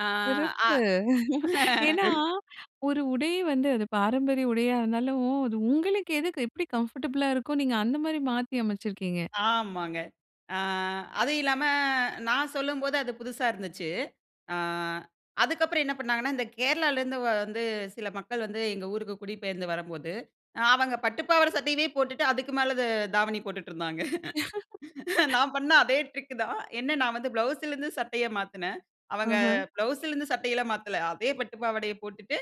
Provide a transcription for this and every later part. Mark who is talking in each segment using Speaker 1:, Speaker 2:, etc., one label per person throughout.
Speaker 1: ஆ,
Speaker 2: சிறப்பு!
Speaker 1: ஆ.
Speaker 2: ஏன்னா, ஒரு உடை வந்து, அது பாரம்பரிய உடையா இருந்தாலும், அது உங்களுக்கு எதுக்கு, எப்பிடி கம்ஃபர்டபுளா இருக்கோ, நீங்க அந்த மாரி மாத்தி அமைச்சிருக்கீங்க.
Speaker 1: ஆமாங்க. அ அதுவும் இல்லாம, நான் சொல்லும்போது அது புதுசா இருந்துச்சு. அ அதுக்கப்புறம் என்ன பண்ணாங்கன்னா, இந்த கேரளாலருந்து வந்து சில மக்கள் வந்து, எங்க ஊருக்கு குடிபெயர்ந்து வரம்போது, அவங்க பட்டு பாவாடை, சட்டையவே போட்டுட்டு, அதுக்கு மேல த தாவணி போட்டுட்டு இருந்தாங்க. நான் பண்ண அதே ட்ரிக் தான். என்ன நான் வந்து ப்ளவுஸ்லருந்து சட்டைய மாத்துனேன். அவங்க
Speaker 2: ம்ஹ்ம்.
Speaker 1: ப்ளவுஸ்லருந்து சட்டை எல்லாம் மாத்தல. அதே பட்டு பாவாடைய போட்டுட்டு,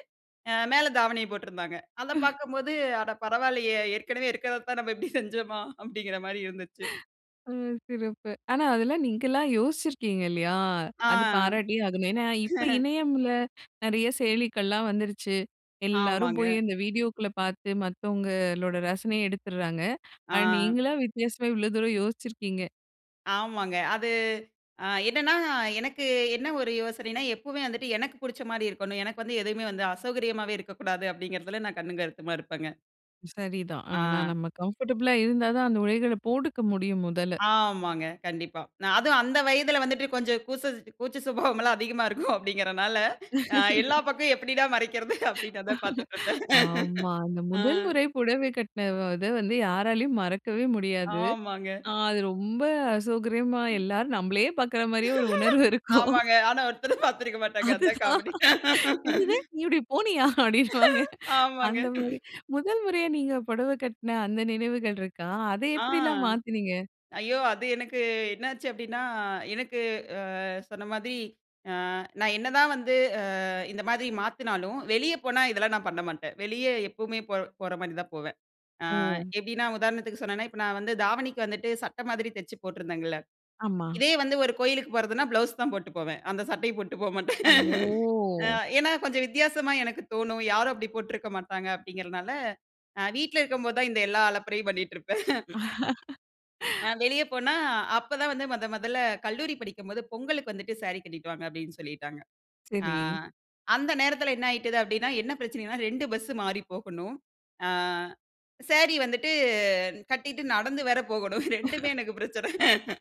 Speaker 1: அ மேல தாவணிய போட்டிருந்தாங்க. அத பார்க்கும்போது, "அட பரவால்லயே! ஏற்கனவே இருக்கிறதத்தான், நம்ம இப்படி செஞ்சோமா?" அப்படின்கிற மாரி இருந்துச்சு.
Speaker 2: ம். சிறப்பு. ஆனா, அதெல்லாம் நீங்களா யோசிச்சிருக்கீங்க இல்லயா?
Speaker 1: ஆ.
Speaker 2: அது பாராட்டியே ஆகணும். ஏன்னா, இப்ப இணையம்ல நிறைய செயலிக்கள்லாம் வந்துருச்சு. எல்லாரும்
Speaker 1: ஆமாங்க.
Speaker 2: போய் அந்த வீடியோக்குள்ள பார்த்து, மத்தவங்களோட ரசனயை எடுத்துர்றாங்க. அண்ட்
Speaker 1: ஆ.
Speaker 2: நீங்களா வித்தியாசமா இவ்வளவு தூரம் யோசிச்சிருக்கீங்க.
Speaker 1: ஆமாங்க. அது அ என்னென்னா, எனக்கு என்ன ஒரு யோசனைனா, எப்பவுமே வந்துட்டு எனக்கு புடுச்ச மாரி இருக்கணும். எனக்கு வந்து எதுவுமே வந்து அசௌகரியமாவே இருக்க கூடாது. அப்படிங்கிறதில, நான் கண்ணும், கருத்துமா இருப்பங்க.
Speaker 2: சரிதான். ஆனா,
Speaker 1: ஆ.
Speaker 2: நம்ம கம்ஃபர்டபுளா இருந்தா தான் அந்த உடைகள போட்டுக்க முடியும், முதல.
Speaker 1: ஆமாங்க. கண்டிப்பா. ந அதுவும் அந்த வயதுல வந்துட்டு கொஞ்சம் கூச்ச கூச்சசுபாவம்லாம் அதிகமா இருக்கும் அப்பிடீங்கிறதனால, அ "எல்லா பக்கமும் எப்பிடிடா மறைக்கிறது?" அப்பிடீங்கிறத பார்த்துட்டிருப்பேன்.
Speaker 2: ஆமா. அந்த
Speaker 1: ஆ.
Speaker 2: முதல் முறை புடவை கட்டின இத வந்து, யாராலயும் மறக்கவே முடியாது.
Speaker 1: ஆமாங்க.
Speaker 2: அது ரொம்ப அசௌகரியமா,
Speaker 1: ம்.
Speaker 2: எல்லாரும் நம்மளையே பார்க்கிற மாரியே ஒரு உணர்வு இருக்கும்.
Speaker 1: ஆமாங்க. ஆனா, ஒருத்தரும் பாத்திருக்க மாட்டாங்க. அதுதான்
Speaker 2: அதுதான்.
Speaker 1: காமெடி.
Speaker 2: "என்னது? நீ இப்பிடி போனியா? அப்டின்னுவாங்க.
Speaker 1: ஆமாங்க.
Speaker 2: அந்த மாரி, முதல் முறையா நீங்க புடவை கட்டின அந்த நினவுகள் இருக்கா? அத
Speaker 1: ஆ.
Speaker 2: எப்டிலாம் மாத்துனீங்க?"
Speaker 1: ஐயோ! அது எனக்கு என்னாச்சு? அப்படின்னா, எனக்கு அ சொன்ன மாரி, நான் என்னதான் வந்து, அ இந்த மாரி மாத்துனாலும், வெளிய போனா இதெல்லாம் நான் பண்ண மாட்டேன். வெளியே எப்பவுமே போற போற மாரி தான் போவேன். அ
Speaker 2: ஓ!
Speaker 1: எப்படின்னா உதாரணத்துக்கு சொன்னேன்னா, இப்ப நான் வந்து தாவணிக்கு வந்துட்டு சட்டை மாரி தச்சு போட்டிருந்தேங்கல்ல.
Speaker 2: ஆமா.
Speaker 1: இதே வந்து ஒரு கோவிலுக்கு போவதுன்னா, ப்ளவுஸ் தான் போட்டு போவேன். அந்த சட்டை போட்டுட்டு போ மாட்டேன்.
Speaker 2: ஓ!
Speaker 1: ஏன்னா, கொஞ்சம் வித்தியாசமா எனக்கு தோணும். யாரும் அப்படி போட்டுருக்க மாட்டாங்க அப்பிடீங்கிறதனால, அ வீட்ல இருக்கும் போது தான், இந்த எல்லா அலப்பரையும் பண்ணிட்டு இருப்பேன். அ வெளிய போனா, அப்போ தான் வந்து, முதன் முதல்ல கல்லூரி படிக்கும்போது பொங்கலுக்கு வந்துட்டு, "சாரி கட்டிட்டுவாங்க." அப்பிடீன்னு சொல்லிட்டாங்க. ஆ
Speaker 2: சரி.
Speaker 1: அந்த நேரத்தில என்ன ஆகிட்டது? அப்டின்னா, என்ன பிரச்சனன்னா, 2 பஸ்ஸு மாறி போகணும். ஆ சாரி வந்துட்டு கட்டிட்டு நடந்து வேற போகணும். 2உமே எனக்கு பிரச்சன.